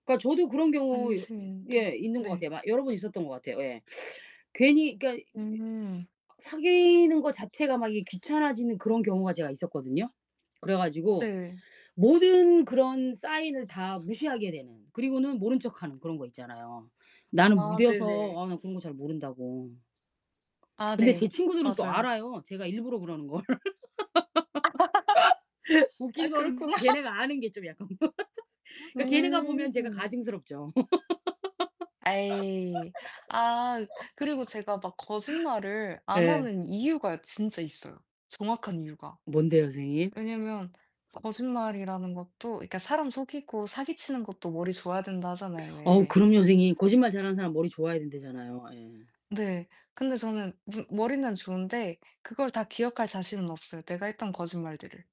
그러니까 저도 그런 경우 여 예 안심인데. 있는 것 같아요. 네. 막 여러 번 있었던 것 같아요. 예. 괜히 그러니까 이 메 음. 사귀는 거 자체가 막 이게 귀찮아지는 그런 경우가 제가 있었거든요. 그래 가지고 네. 모든 그런 sign을 다 무시하게 되는. 그리고는 모른 척하는 그런 거 있잖아요. "나는 아 무뎌서 네네. 아 나 그런 거 잘 모른다."고. 아 근데 제 네. 친구들은 또 맞아요. 알아요 제가 일부러 그러는 걸. 아 웃긴 거는 그렇구나. 걔네가 아는 게 좀 약간. 그러니까 걔네가 보면 제가 음. 가증스럽죠. 에이. 아. 그리고 제가 막 거짓말을 안 예. 하는 이유가 진짜 있어요 정확한 이유가. 뭔데요 선생님? 왜냐면 거짓말이라는 것도 그러니까 "사람 속이고 사기 치는 것도 머리 좋아야 된다." 하잖아요 어우 왜. 그럼요 선생님. 거짓말 잘하는 사람 머리 좋아야 된다잖아요. 예. 네. 근데 저는 무 머리는 좋은데 그걸 다 기억할 자신은 없어요 내가 했던 거짓말들을.